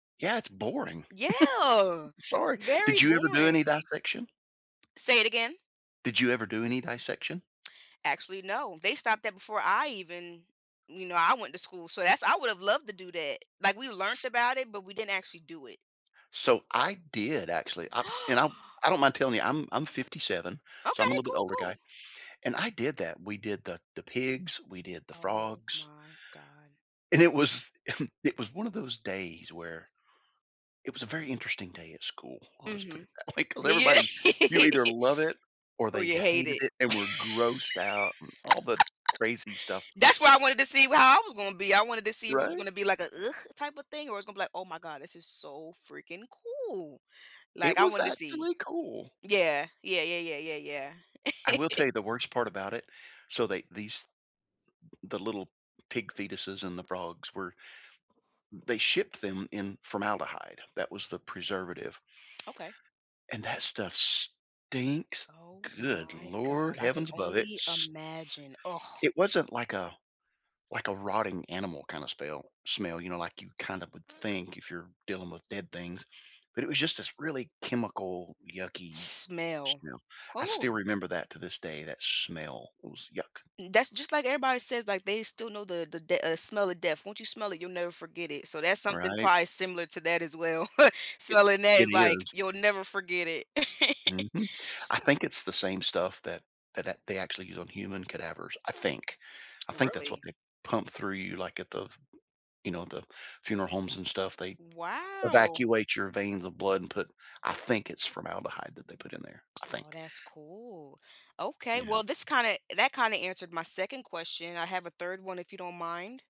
Yeah, it's boring. Yeah! Sorry. Very Did you ever do boring. any dissection? Say it again? Did you ever do any dissection? Actually, no. They stopped that before I even you know, I went to school, so that's I would have loved to do that. Like, we learned about it, but we didn't actually do it. So, I did, actually, I and I'm I don't mind telling you, I'm I'm 57, so I'm a Okay, little bit cool, older guy, cool. and I did that. We did the the pigs, we did the Oh frogs my god. and it was it was one of those days where it was a very interesting day at school, I'll just put Mhm. it that way, 'cause Yeah. everybody you either love it, or Or they you hate hated it. it, and were grossed out, and all the crazy stuff That's why I wanted to see wh how I was gonna be, I wanted to see if it was Right? gonna be like a "ugh" type of thing, or it was gonna be like, "Oh my god, this is so freaking cool." It Like, I was wanted to see actually cool. Yeah. Yeah, yeah, yeah, yeah, yeah. I will tell you the worst part about it. So, they these the little p pig fetuses and the frogs were n they shipped them in formaldehyde, that was the preservative Okay. and that stuff stinks. Oh Good my god. lord I can heavens above it. only S imagine, ugh. It wasn't like a like a rotting animal kind of spell smell, you know, like, you kinda would think, if you're dealing with dead things, but it was just this really chemical yucky Smell. smell. I Oh! still remember that to this day, that smell was yuck. N That's just like everybody says, like, they still know the the, dea uh, smell of death. Once you smell it, you'll never forget it, so that's something Right. probably similar to that as well. It Smelling that it is, like, is. you'll never forget it. Mhm. I S think it's the same stuff that tha that they actually use on human cadavers, I think. I think that's what Really? they pump through you, like, at the f you know, the funeral homes and stuff, they Wow. evacuate your veins of blood and put I think it's formaldehyde that they put in there, I Oh, think. that's cool. Okay, Yeah. well, this kinda that kinda answered my 2nd question, I have a 3rd one if you don't mind?